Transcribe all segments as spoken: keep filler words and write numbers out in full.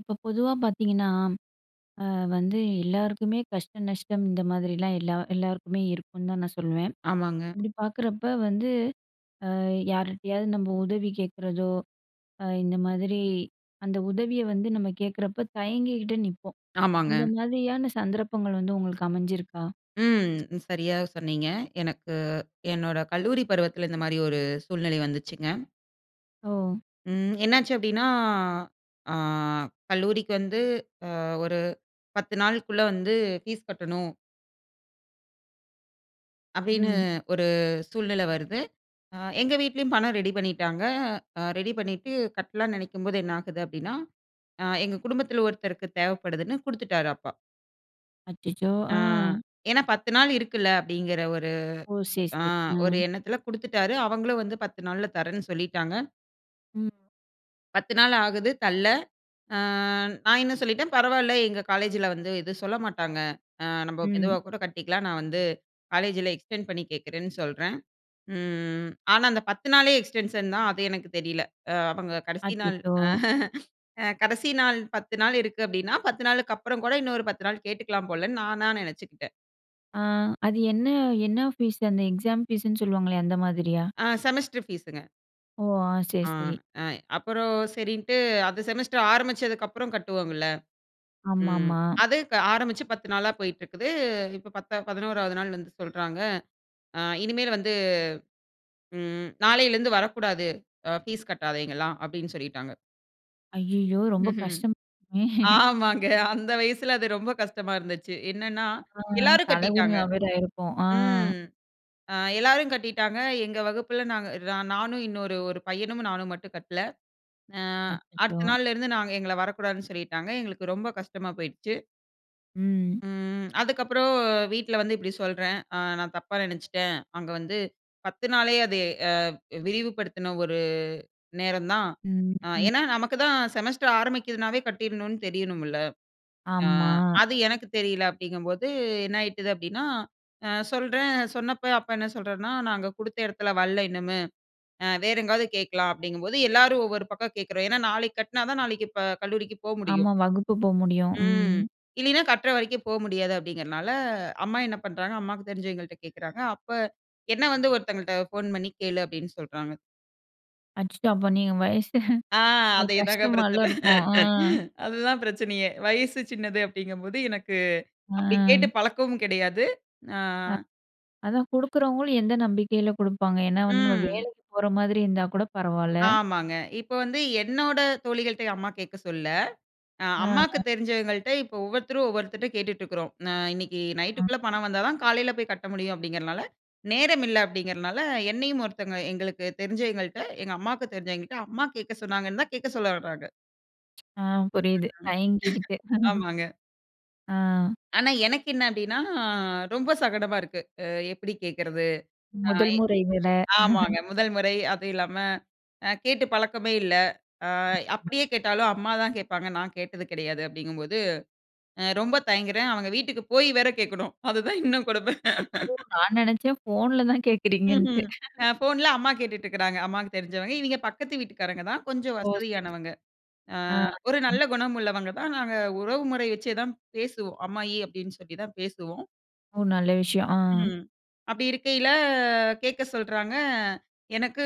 இப்ப பொதுவா பார்த்தீங்கன்னா, அ வந்து எல்லாருக்குமே கஷ்டம், நஷ்டம் இந்த மாதிரிலாம் எல்லா எல்லாருக்குமே இருக்குனு தான் நான் சொல்வேன். ஆமாங்க. அப்டி பாக்குறப்ப வந்து, ஆ யார்கிட்டயாவது நம்ப உதவி கேட்கறதோ, அ இந்த மாதிரி அந்த உதவிய வந்து நம்ம கேட்குறப்ப தயங்கிகிட்டே நிப்போம். அந்த ஆமாங்க. மாதிரியான சந்தர்ப்பங்கள் வந்து உங்களுக்கு அமைஞ்சிருக்கா? ம். சரியா சொன்னீங்க. எனக்கு, என்னோட கல்லூரி பருவத்தில இந்த மாரி ஒரு, சூழ்நிலை வந்துச்சுங்க. ஓ! ம். என்னாச்சு அப்டின்னா, ஆ கல்லூரிக்கு வந்து அ ஒரு பத்து நாளுக்குள்ள வந்து ஃபீஸ்கட்டணும். அப்டீன்னு ம். ஒரு சூழ்நில வருது. அ எங்க வீட்டிலேயும் பணம் ரெடி பண்ணிட்டாங்க. அ ரெடி பண்ணிட்டு கட்டலான்னு நெனைக்கும்போது என்ன ஆகுது அப்டின்னா, அ எங்க குடும்பத்தில ஒருத்தருக்கு தேவப்படுதுன்னு குடுத்துட்டாரு அப்பா. அச்சச்சோ! ஆ ஆ. ஏனா பத்து நாள் இருக்குல்ல அப்டீங்குற ஒரு, ஓ! சரி, ஆ சரி. அ. ஒரு எண்ணத்தில குடுத்துட்டாரு. அவங்களும் வந்து பத்து நாள்ல தரேன்னு சொல்லிட்டாங்க. ம். பத்து நாள் ஆகுது தல்ல. ஆ, நான் என்ன சொல்லிட்டேன், "பரவால்ல எங்க காலேஜில வந்து எதுவும் சொல்ல மாட்டாங்க. அ நம்ப ம். மெதுவா கூட கட்டிக்கலாம் நான் வந்து காலேஜில எக்ஸ்டெண்ட் பண்ணி கேட்குறேன்னு" சொல்றேன். ம் ஆனா, அந்த பத்து நாளே எக்ஸ்டென்ஷன் தான் அது எனக்கு தெரில. அ அவங்க கடைசி நாள். அச்சச்சோ! அ கடைசி நாள் பத்து நாள் இருக்கு அப்டீன்னா பத்து நாளுக்கு அப்புறம் கூட இன்னும் ஒரு பத்து நாள் கேட்டுக்கலாம் போலன்னு நானா நெனச்சுக்குட்டேன். ஆ அது என்ன என்ன ஃபீஸு? அந்த எக்ஸாம் ஃபீஸுன்னு சொல்லுவாங்களே அந்த மாதிரியா? ஆ, செமஸ்டர் ஃபீஸுங்க. ஓ! ஆ சரி, ஆ சரி. அய் அப்புறம் செரின்ட்டு அது செமஸ்டர் ஆரம்பிச்சதுக்கப்புறம் கட்டுவோம்ல்ல. ம், ஆமாமா. அது க ஆரம்பிச்சு பத்து நாளா போயிட்டு இருக்குது, இப்போ பத்தா பதினோராவது நாள் வந்து சொல்றாங்க, அ "இனிமேல் வந்து, ம், நாளைலருந்து வரக்கூடாது, அ ஃபீஸ் கட்டாதவைங்கலாம்" அப்டின்னு சொல்லிட்டாங்க. ஐயயோ, ரொம்ப ம்ஹ்ம். கஷ்டமா இருக்குமே. ஆமாங்க அந்த வயசுல அது ரொம்ப கஷ்டமா இருந்துச்சு. என்னன்னா [unintelligible] ஆ எல்லாரும் கட்டிட்டாங்க. தலகுனிவா வேற ஆயிருக்கும், அ. ம். அ எல்லாரும் கட்டிட்டாங்க எங்க வகுப்புல, நாங்க நா நானும் இன்னொரு ஒரு பையனும், நானும் மட்டும் கட்டல. அ அச்சசோ. அடுத்த நாள்லருந்து நாங்க எங்கள வரக்கூடாதுன்னு சொல்லிட்டாங்க. எங்களுக்கு ரொம்ப கஷ்டமா போயிருச்சு. ம். ம், அதுக்கப்புறம் வீட்ல வந்து இப்டி சொல்றேன், அ "நான் தப்பா நெனச்சுட்டேன் அங்க வந்து பத்து நாளே அது அ விரிவுப்படுத்துன ஒரு நேரம் தான்." ம், அ ஏன்னா, ம். நமக்குதான் செமஸ்டர் ஆரம்பிக்குதுனாவே கட்டிடணும்னு தெரியணும்ல்ல. அ ஆமா. அது எனக்கு தெரியல, அப்டிங்கும்போது என்ன ஆயிட்டுது அப்டின்னா, அ சொல்றேன், சொன்னப்போ அப்பா என்ன சொல்றாருனா, "நாங்க கொடுத்த இடத்துல வல்ல இன்னுமே, அ வேற எங்காவது கேக்கலாம்" அப்டிங்கும்போது எல்லாரும் ஒவ்வொரு பக்கம் கேக்குறோம். ஏன்னா நாளைக்கு கட்டுனா தான் நாளைக்கு இப்ப கல்லூரிக்கு போக முடியும் ஆமா, வகுப்பு போக முடியும், ம், ம். இல்லின்னா கட்ற வரைக்கும் போக முடியாது, அப்டிங்குறனால அம்மா என்ன பண்றாங்க அம்மாக்கு தெரிஞ்சவைங்கள்ட்ட கேட்குறாங்க. அப்ப, என்ன வந்து "ஒருத்தங்கள்ட்ட ஃபோன் பண்ணி கேளு" அப்டினு சொல்றாங்க. அச்சச்சோ! அப்ப நீங்க வயசு அது ஆ அது அதே தாங்க கஷ்டமால பிரச்சன. இருக்கும்! ஆ. அதுதான் பிரச்சனையே. வயசு சின்னது அப்டிங்கம்போது எனக்கு அப்டி கேட்டு ம். பழக்கமும் கிடையாது. ஆ அ அதான் குடுக்குறவங்களும் எந்த நம்பிக்கையில குடுப்பாங்க? ஏனா வந்து நம்ம ம். வேலைக்கு போற மாதிரி இருந்தா கூட பரவால்ல. ஆமாங்க. இப்போ வந்து, என்னோட தோழிகள்ட்டயே அம்மா கேக்க சொல்லல. ஆ, ஆ, அம்மாக்கு அ. தெரிஞ்சவங்கள்ட்ட இப்போ ஒவ்வொருத்தரும் ஒவ்வொருத்தர்ட்ட கேட்டுட்டுருக்குறோம். நா இன்னைக்கு நைட்டுக்குள்ள [unintelligible] பணம் வந்தா தான் காலைல போய் கட்ட முடியும் அப்டிங்கறனால நேரம் இல்ல அப்டிங்கிறனால, என்னையும் ஒருத்தவங்க எங்களுக்கு தெரிஞ்சவயங்கள்ட்ட எங்க அம்மாவுக்கு தெரிஞ்சவயங்கள்கிட்ட அம்மா கேக்க சொன்னாங்கன்னு தான், கேட்க சொல்ல வராங்க. ஆ, [unintelligible] புரியிது தயங்கிகிட்டு. ஆமாங்க. ஆ. ஆனா எனக்கு என்ன அப்டின்னா ரொம்ப சங்கடமா இருக்கு அ எப்டி கேக்கறது? முதல் ஆயே முறை வேற. ஆமாங்க. முதல் முறை, அதும் இல்லாம அ கேட்டு பழக்கமே இல்ல, அ [unintelligible] அப்டியே கேட்டாலும் அம்மா தான் கேட்பாங்க, நான் கேட்டது கிடையாது அப்டிங்கும்போது, அ ரொம்ப தயங்குறேன். அவங்க வீட்டுக்கு போயி வேற கேக்கணும் அதுதான் இன்னும் கொடுமை. ஓ! நான் நெனைச்சேன் ஃபோன்ல தான் கேட்கிறீங்கன்ட்டு ம்ஹ்ம். அ ஃபோன்ல அம்மா கேட்டுட்ருக்குறாங்க, அம்மாக்கு தெரிஞ்சவங்க. இவய்ங்க பக்கத்து வீட்டுக்காரங்க தான் கொஞ்சம் ஓ! சரி. வசதியானவங்க. ஆ ஆ, ஒரு ம். நல்ல குணம் உள்ளவங்க தான். நாங்க உறவு முறை வச்சே தான் பேசுவோம். "அம்மாயி" அப்டின்னு சொல்லி தான் பேசுவோம். ஓ! நல்ல விஷயம் ஆ. ம். அப்டி இருக்கையில கேக்க சொல்றாங்க. எனக்கு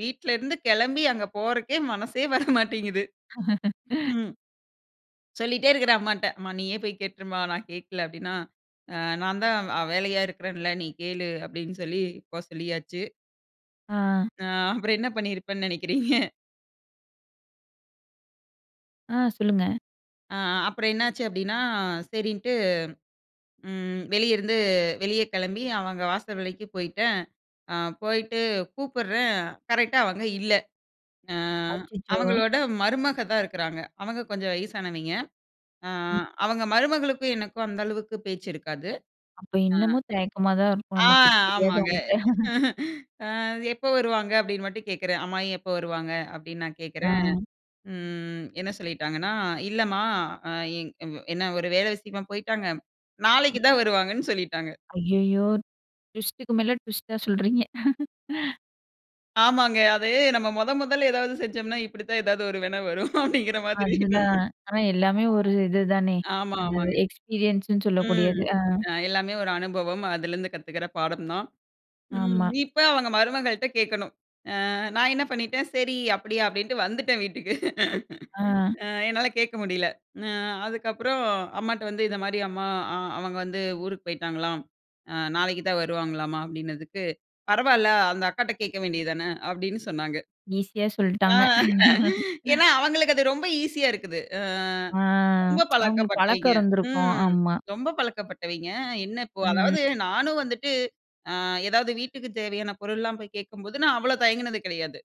வீட்ல இருந்து கெளம்பி அங்க போறக்கே மனசே வர மாட்டேங்குது ம். சொல்லிட்டே இருக்குறேன் அம்மாட்ட. "அம்மா நீயே போய் கேட்டுருமா, நான் கேட்கல" அப்டின்னா ஆ "நான் தான் அ வேலையா இருக்கிறேன்ல, நீ கேளு" அப்டின் சொல்லி, போ சொல்லியாச்சு. ஆ. ஆ அப்புறம் என்ன பண்ணியிருப்பேன்னு நெனைக்கிறீங்க? ஆ, சொல்லுங்க, ஆ, அ அப்புறம் என்னாச்சு அப்டின்னா, சரின்ட்டு ம். வெளியிருந்து வெளிய கெளம்பி அவங்க வாசல் வரைக்கும் போயிட்டேன். ஆ போயிட்டு கூப்புடுறேன் கரெக்டா அவங்க இல்ல. ஆ அச்சச்சோ! அவங்களோட மருமகதான் இருக்குறாங்க. அவங்க கொஞ்சம் வயசானவய்ங்க. ஆ ம். அவங்க மருமகளுக்கும் எனக்கும் அந்த அளவுக்கு பேச்சு இருக்காது. அப்ப ஆ இன்னமும் தயக்கமா தான் இருக்கும் ஆ, நமக்கு ஆமாங்க. தெரியாதவங்கள்ட்ட. "ஆ எப்ப வருவாங்க?" அப்டின் மட்டும் கேக்குறேன். "அம்மாயி எப்ப வருவாங்க?" அப்டின் நான் ஆ. கேட்குறேன். ம் என்ன சொல்லிட்டாங்கன்னா, இல்லமா அ எங் இவ்வ என்ன? ஒரு வேல விஷயமா போயிட்டாங்க. ம். நாளைக்கு தான் வருவாங்கன்னு சொல்லிட்டாங்க. ஐயயோ! ட்விஸ்ட்டுக்கு மேல ட்விஸ்ட்டா சொல்கிறீங்க. ஆமாங்க, அது நம்ம மொத, மொதல்ல எதாவது செஞ்சம்னா, இப்பிடி தான் எதாவது ஒரு வின வரும் அப்பிடிங்கிற மாதிரி அதுதான், ஆனா எல்லாமே ஒரு இதுதானே! ஆமா, என்னது ஆமாங்க. எக்ஸ்பீரியன்ஸ்ன்னு ம், சொல்லக்கூடியது, ஆ அ, எல்லாமே ஒரு அனுபவம், அதிலருந்து கத்துக்கிற பாடம் தான். ம், ஆமா. இப்ப அவுங்க மருமகள்ட்ட கேட்கணும், ஆ, நான் என்ன பண்ணிட்டேன், சரி அப்பிடியா! அப்பிடின்ட்டு வந்துட்டேன் வீட்டுக்கு ஆ. ஆ, என்னால கேட்க முடியல, ம் ஆ, அதுக்கு அப்புறம் அம்மாட்ட வந்து, இந்த மாதிரியாம் அம்மா அ "அவங்க வந்து ஊருக்கு போயிட்டாங்களாம், அ, நாளைக்கு தான் வருவாங்களாம்மா" அப்பிடினதுக்கு, பரவால்ல, அந்த அக்காட்ட கேட்க வேண்டியது தான, அப்பிடின்னு சொன்னாங்க. ஈசியா ஆ சொல்ட்டாங்க. ஏனா அவங்களுக்கு அது ரொம்ப ஈசியா இருக்குது. அ ஆ ரொம்ப அவுங்களுக்கு பழக்கம் பழக்கப்பட்டவைங்க இருந்திருக்கும், ம், ஆமா. ரொம்ப பழக்கப்பட்டவைங்க என்னப்போ ம். அதாவது நானும் வந்துட்டு, ஆ, ஏதாவது வீட்டுக்கு தேவையான பொருள் எல்லாம் போய் கேட்கும்போது, நான் அவ்வள தயங்கினது கிடையாது,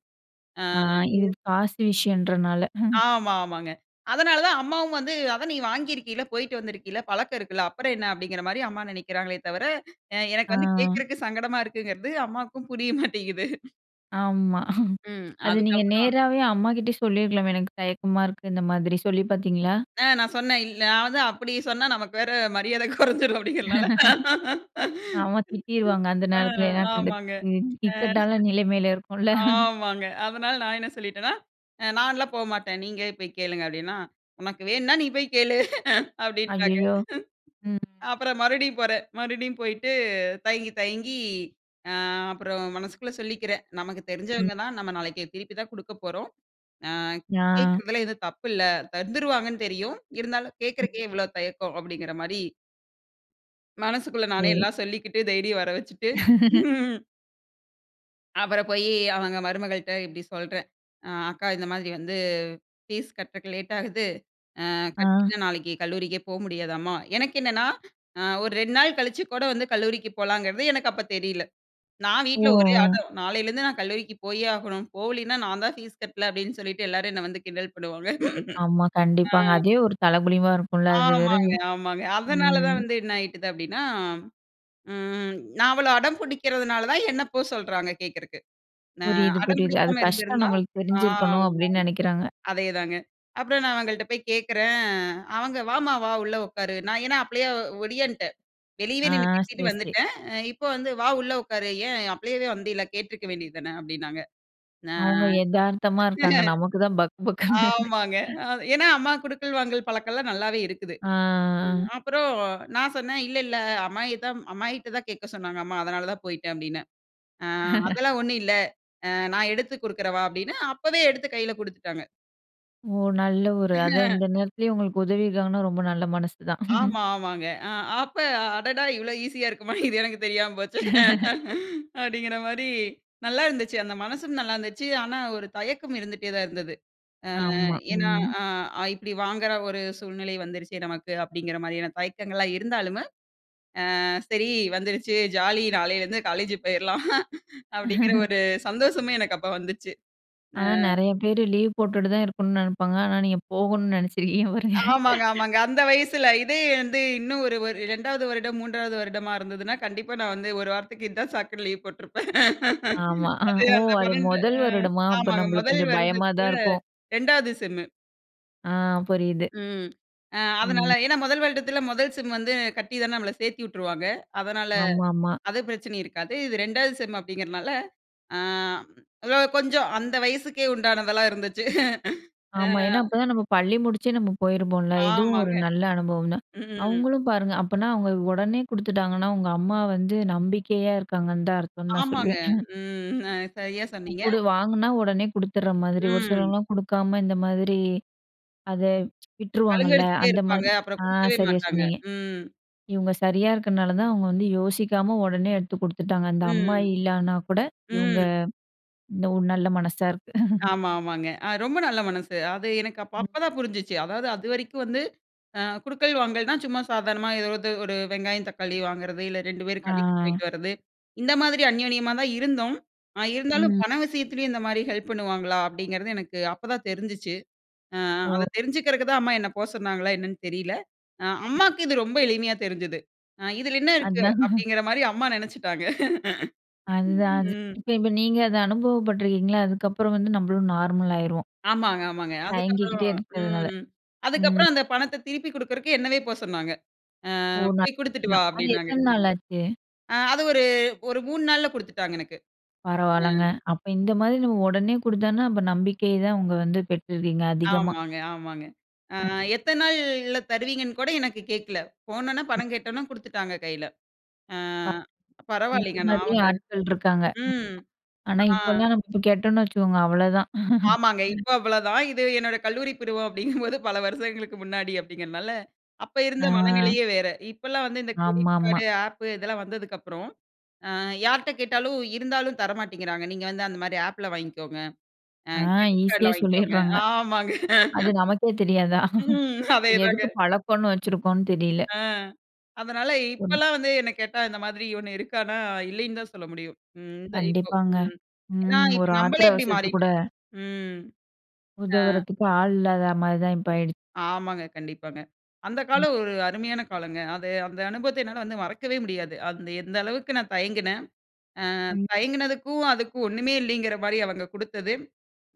ஆ ஆ, இது இது காசு விஷயன்றனால, ஆமா, ஆமாங்க. அதனால தான் அம்மாவும் வந்து, அதான் நீ வாங்கியிருக்கீல, போயிட்டு வந்திருக்கீல, பழக்கம் இருக்குல்ல, அப்புறம் என்ன? அப்பிடிங்கிறமாரி அம்மா நினைக்கிறாங்களே தவர எ எனக்கு வந்து ஆ. கேக்குறக்கு சங்கடமா இருக்குங்கிறது அம்மாவுக்கும் புரிய மாட்டேங்குது ஆமா. ம். அது நீங்க அதுக்கப்புறம் நேராவே அம்மாகிட்ட சொல்லியிருக்கலாமே, எனக்கு தயக்கமா இருக்கு, இந்த மாதிரி சொல்லி பார்த்தீங்களா? அ நான் சொன்னேன், இல் நான் வந்து அப்டி சொன்னா நமக்கு வேற மரியாத கொறஞ்ரும் அப்டிங்கிறனால. ஆமா திட்டிருவாங்க அந்த ஆ நேரத்துல, ஏனா, கண்டு ஆமாங்க. இந் அ இக்கட்டான நிலைமைல இருக்கும்ல. ஆமாங்க. அதனால நான் என்ன சொல்லீட்டேனா, நான்லாம் போ மாட்டேன். நீங்களே போய் கேளுங்க அப்டினா, உனக்கு வேணும்னா நீ போய் கேளு. அப்டின்ட்டாங்க. ஐயயோ! ம். அப்புறம் மறுபடியும் போறேன். மறுபடியும் போயிட்டு தயங்கி தயங்கி, அ அப்புறம் மனசுக்குள்ள சொல்லிக்கிறேன். நமக்கு ம். தெரிஞ்சவங்க தான், நம்ம நாளைக்கு திருப்பி தான் குடுக்கப் போறோம். அ ஆ. கேக்கிறதுல எதுவும் தப்பு இல்ல. தந்துருவாங்கன்னு தெரியும். இருந்தாலும் கேட்குறதுக்கே ம். இவ்ளோ தயக்கம் அப்டிங்கிற மாரி மனசுக்குள்ள நானே சரி. எல்லாம் சொல்லிக்கிட்டு தைரியம் வரவச்சுட்டு, அப்பறம் போய், அவங்க மருமகள்ட்ட இப்டி சொல்றேன், அ அக்கா இந்த மாதிரி வந்து, ஃபீஸ் கட்டுறக்கு லேட் ஆகுது. அ ஆ. கட்டிட்டா நாளைக்கு கல்லூரிக்கே போ முடியாதாம்மா. எனக்கென்னன்னா, அ ஒரு ரெண்டு நாள் கழிச்சு கூட வந்து கல்லூரிக்கு போலாங்கிறது எனக்கு அப்ப தெரில. நான் வீட்ல ஒரே ஓ! அடம். நாலேருந்து நான் கல்லூரிக்கு போயே ஆகணும். போகலைன்னா நான் தான் ஃபீஸ் கட்ல அப்டின்னு சொல்லிட்டு எல்லாரும் என்ன வந்து கிண்டல் பண்ணுவாங்க. ஆமா, அ. கண்டிப்பாங்க. அதே ஒரு தலகுனிவா இருக்கும்ல. அது வேற, ஆமாங்க, ஆமாங்க. அதனால தான் ம். வந்து என்ன ஆயிட்டது அப்டின்னா, ம் நான் அவ்வளோ அடம் புடிக்கிறதுனால தான் என்ன போ சொல்றாங்க கேட்குறதுக்கு. ந புரியுது புரியுது. அது அடம்பிடிக்காம கஷ்டம் இருந்திருந்தா நம்மளுக்கு ஆமாங்க, தெரிஞ்சிருக்கணும், அப்டின்னு நெனைக்கிறாங்க. அதேதாங்க. அப்றம் நான் அவங்கள்ட்ட போய் கேட்கிறேன், அவங்க "வாம்மா வா! உள்ளே உட்காரு". நான் ஏன்னா அப்ளையே ஒடியான்ட்டேன். வெளியவே ஆ. நின்னு பேசிட்டு சரி, சரி. வந்துட்டேன். இப்போ வந்து, வா உள்ள உட்காரு. ஏன் அப்ளையவே வந்தீல்ல, கேட்ருக்க வேண்டியதானே அப்டின்னாங்க. அ, அவங்க எதார்த்தமா இருக்காங்க. நமக்கு தான் பக் பக்னு இருக்கு. ஆமாங்க. ஏன்னா அம்மா குடுக்கல், வாங்கல் பழக்கம்லாம் நல்லாவே இருக்குது. ஆ. அப்றம் நான் சொன்னேன் இல்லல்ல. "அம்மாயி தான், அம்மாயிக்கிட்ட தான் கேட்க சொன்னாங்க அம்மா." அதனால தான் போய்ட்டேன் அப்டின்னே. அ அதெல்லாம் ஒண்ணும் இல்ல. அ நான் எடுத்து குடுக்றவா அப்டின்னு, அப்பவே எடுத்து கையில குடுத்துட்டாங்க. ஓ நல்ல ஒரு அதான் இந்த நேரத்துலயே உங்களுக்கு உதவி இருக்காங்கனா ரொம்ப நல்ல மனசு தான்! ஆமா, ஆமாங்க. அ அப்ப அடடா, இவ்ளோ ஈஸியா இருக்குமா! இது எனக்கு தெரியாம போச்சே! அப்படிங்கிற மாதிரி, நல்லா இருந்துச்சு. அந்த மனசும் நல்லா இருந்துச்சு, ஆனா ஒரு தயக்கம் இருந்துட்டே தான் இருந்தது. அ ஆமா, ஏன்னா ம். அ இப்படி வாங்குற ஒரு சூழ்நிலை வந்துருச்சு நமக்கு, அப்படிங்கிற மாதிரியான தயக்கங்கள்லாம் இருந்தாலுமு, அ சரி வந்துருச்சு. ஜாலி நாளேலிருந்து காலேஜ் போயிரலாம். அப்படிங்கிற ஒரு சந்தோஷமே எனக்கு அப்ப வந்துச்சு. அ. ஆனா, நெறைய பேர் லீவ் போட்டுட்டு தான் இருக்கணும்னு நினைப்பாங்க. ஆனா நீங்க போகணும்னு நினைச்சிருக்கீங்க பாருங்க. ஆமாங்க, ஆமாங்க அந்த வயசுல இதே வந்து, இன்னும் ஒரு ஒரு இரண்டாவது வருடம், மூன்றாவது வருடமா இருந்ததுன்னா, கண்டிப்பா நான் வந்து ஒரு வாரத்துக்கு, இதுதான் சாக்குனு லீவு போட்ருப்பன். ஆமா, அ அது ஓ, அந்த அது [unintelligible] முதல் அ, வருடமா அப்ப ஆமாங்க, நம்மளுக்கு முதல் கொஞ்சம் பயமா தான் வருடத்தில இருக்கும். இரண்டாவது செம்மு அ, புரியுது. ம். அ அதனால ம். ஏன்னா, முதல் வருடத்தில முதல் செம் வந்து கட்டி தான நம்ம சேர்த்து வுட்டுருவாங்க. அதனால ஆமாமா. அது பிரச்சனை இருக்காது. இது இரண்டாவது செம் அப்படிங்கிறனால, அ ம் லோ கொஞ்சம். அந்த வயசுக்கே உண்டானதெல்லாம் இருந்துச்சு. அ. ஆமா ஏன்னா, அப்பதான் நம்ம பள்ளி முடிச்சு நம்ம போயிருப்போம்ல, இதுவும் ஒரு ஆமாங்க. நல்ல அனுபவம் தான். ம்ஹ்ம். அவங்களும் பாருங்க அப்பன்னா அவங்க உடனே கொடுத்துட்டாங்கன்னா, உங்க அம்மா வந்து நம்பிக்கையா இருக்காங்கன்னு தான் அர்த்தம் நான் ஆமாங்க. சொல்லுவேன். ம் அ சரியா சொன்னீங்க. கொடு வாங்கினா உடனே கொடுத்துடுற மாதிரி, ஒரு ம். சிலவங்கலாம் கொடுக்காம இந்த மாதிரி அதை கலங்க விட்டுருவாங்கல்ல. அடிச்சிட்டே அந்த இருப்பாங்க. மாதிரி. அப்புறம் அ, கொடுக்கவே சரியா மாட்டாங்க. சொன்னீங்க. ம். இவங்க சரியா இருக்கிறதுனால தான் அவங்க வந்து யோசிக்காம உடனே எடுத்து கொடுத்துட்டாங்க, அந்த அம்மா ம். இல்லன்னா கூட இவங்க ம். இந்த ஒ நல்ல மனசா இருக்கு. ஆமா, ஆமாங்க. அ ரொம்ப நல்ல மனசு, அது எனக்கு அப் அப்பதான் புரிஞ்சுச்சு. அதாவது அதுவரைக்கும் வந்து, அ கொடுக்கல், வாங்கல்னா சும்மா சாதாரணமா ஏதோ ஒரு இது, ஒரு வெங்காயம் தக்காளி வாங்குறது. இல்ல ரெண்டு பேரும் கடைக்கு ஆ. போயிட்டு வரது, இந்த மாதிரி அந்நியோன்மா தான் இருந்தோம். இருந்தாலும் ம். பண விஷயத்திலயும் இந்த மாதிரி ஹெல்ப் பண்ணுவாங்களா? அப்படிங்கிறது எனக்கு அப்பதான் தெரிஞ்சிச்சு. அ ஓ. அத தெரிஞ்சுக்கிறக்கு தான் அம்மா என்ன போ சொன்னாங்களா என்னென்னு தெரில. அ அம்மாவுக்கு இது ரொம்ப எளிமையா தெரிஞ்சுது. இதில என்ன இருக்கு அதான். அப்படிங்கிற மாரி அம்மா நினைச்சிட்டாங்க. அதுதான். ம். இப்ப இப்ப நீங்க அத அனுபவப்பட்டுருக்கீங்களா? அதுக்கப்புறம் வந்து நம்மளும் நார்மல் ஆயிருவோம். ஆமாங்க ஆமாங்க. அதுக்கு அப்புறம், தயங்கிகிட்டே இருக்கிறதுனால. ம். அதுக்கு ம். அப்புறம் அந்த பணத்த திருப்பிக் கொடுக்கறக்கு, என்னவே போக சொன்னாங்க. அ ஓ, நல்ல போய் "கொடுத்துட்டு வா" விஷயம். அது அப்படின்னாங்க. எத்தன நாள் ஆச்சு? அது ஒரு, ஒரு மூணு நாள்ல கொடுத்துட்டாங்க எனக்கு. அ. பரவாயில்லங்க. அப்ப இந்த மாதிரி நம்ம உடனே கொடுத்தான்னா அப்ப நம்பிக்கை தான் உங்க வந்து பெற்றிருக்கீங்க அதிகமா. ஆமாங்க. ஆமாங்க. அ ம். எத்தன நாள்ல தருவீங்கன்னு கூட எனக்கு கேட்கல. போனவுன்ன பணம் ம். கேட்வுன்ன குடுத்துட்டாங்க கையில. அ [unintelligible] இந்த பரவாயில்லங்க! நான் மாதிரி அவங்க ஆட்கள் இருக்காங்க. ம், ஆனா ஆ. இப்பல்லாம் நம்ம போய் கேட்டோன்னு வச்சுக்கோங்க அவ்ளோதான். ஆமாங்க. ம். இப்ப அவ்ளதான். இது என்னோட கல்லூரி பருவம் அப்பிடிங்கும்போது பல வருஷங்களுக்கு முன்னாடி அப்பிடிங்கிறனால, அப்போ இருந்த ஆ. மனநிலையே வேற. இப்பல்லாம் வந்து இந்த கிரெடிட் ஆமாம்மா. கார்டு, அப் இதெல்லாம் வந்ததுக்கப்புறம் அ யார்ட்ட கேட்டாலும், இருந்தாலும் தர மாட்டேங்கிறாங்க. நீங்க வந்து அந்தமாரி அப்ல வாங்கிக்கோங்க. அ ஆ கிரெடிட் ஈஸியா கார்ட்ல வாங்கிக்கோங்க. சொல்லிட்றாங்க. ஆமாங்க. அது நமக்கே தெரியாதா? ம். அதேதாங்க. எதுக்கு பழக்கம்ன்னு வச்சிருக்கோன்னு தெரியல. அ, அதனால ம். இப்பல்லாம் வந்து என்ன கேட்டா, இந்த மாதிரி ஒண்ணு இருக்கான்னா, இல்லைன்னுதான் சொல்ல முடியும். ம், இந்த இப்போ ம், கண்டிப்பாங்க. ஏன்னா, ம் இப்ப ஒரு ஆத்திர நம்பளே அப்டி அவசரத்து கூட மாறிட்டோம். ம். ஆ. உதவுறதுக்கு ஆள் இல்லாத மாதிரி தான் இப்ப ஆயிடுச்சு. ஆமாங்க. கண்டிப்பாங்க. அந்த ம். காலம் ஒரு அருமையான காலங்க. அது அந்த அனுபவத்த என்னால வந்து மறக்கவே முடியாது. அந்த எந்த அளவுக்கு நான் தயங்கினேன். ஆ ம். தயங்கினதுக்கும் அதுக்கும் ஒண்ணுமே இல்லேங்கிறமாரி அவுங்க கொடுத்தது.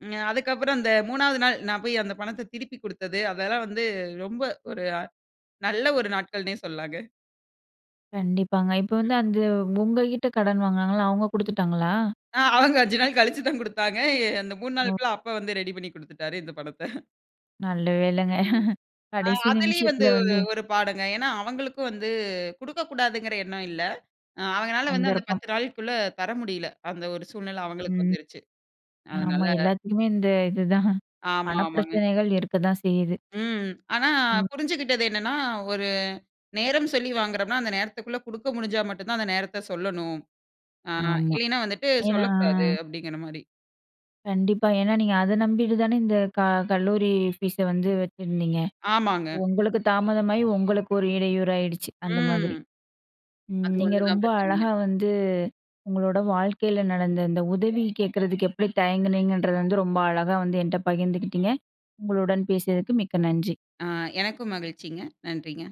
ம் அதுக்கப்பறம் அந்த மூணாவது நாள் நான் போய் அந்த பணத்த திருப்பிக் குடுத்தது, அதெல்லாம் வந்து ரொம்ப ஒரு நல்ல ஒரு நாட்கள்னே சொல்லலாங்க. கண்டிப்பாங்க இப்ப ம். வந்து அந்த உங்ககிட்ட கடன் வாங்குனாங்கல்ல. அவுங்க குடுத்துட்டாங்களா? ஆ அவங்க அஞ்சு நாள் கழிச்சு தான் கொடுத்தாங்க. அந்த மூணு ஓ! நாளுக்குள்ள அப்பா வந்து ரெடி பண்ணி குடுத்துட்டாரு, இந்த பணத்த. நல்ல வேளங்க. ம் ஆ, கடைசி அதுலயும் நிமிஷத்தில வந்து ஒரு, வந்து, ஒரு பாடுங்க. ஏன்னா அவுங்களுக்கும் வந்து குடுக்கக்கூடாதுங்கிற எண்ணம் இல்ல. அ அவங்கனால வந்து அந்த சந்தர்ப்பம். பத்து நாளுக்குள்ள தர முடியல. அந்த ஒரு சூழ்நில அவங்களுக்கு ம். வந்துருச்சு. அதனால, ஆமா. எல்லாத்துக்குமே இந்த இதுதான். ஆமா, பண ஆமாங்க. பிரச்சனைகள் இருக்கத்தான் செய்யுது. ம். ஆனா, ம். புரிஞ்சிக்கிட்டது என்னன்னா, ஒரு நேரம் சொல்லி வாங்குறோம்ன்னா, அந்த நேரத்துக்குள்ள குடுக்க முடுஞ்சா மட்டும் தான் அந்த நேரத்த சொல்லணும். ஆ ஆமா இல்லன்னா வந்துட்டு ஏன்னா, சொல்லக்கூடாது அப்பிடிங்கிறமாரி. கண்டிப்பா. ஏன்னா, நீங்க அத நம்பிட்டு தானே இந்த க கல்லூரி ஃபீஸ் வந்து வச்சுருந்தீங்க. ஆமாங்க. உங்களுக்கு தாமதமாகி உங்களுக்கு ஒரு இடையூறாகிடுச்சு. அந்த மாதிரி. ம். ம். அது நீங்க ஒண்ணுதான் ரொம்ப பிரச்சனைங்க. அழகா வந்து உங்களோட வாழ்க்கையில நடந்த இந்த உதவி கேட்கிறதுக்கு எப்பிடி தயங்கினீங்கன்றது வந்து ரொம்ப அழகா வந்து என்ட்ட பகிர்ந்துக்கிட்டீங்க. உங்களுடன் பேசியதுக்கு மிக்க நன்றி. ஆ எனக்கும் மகிழ்ச்சிங்க. நன்றிங்க.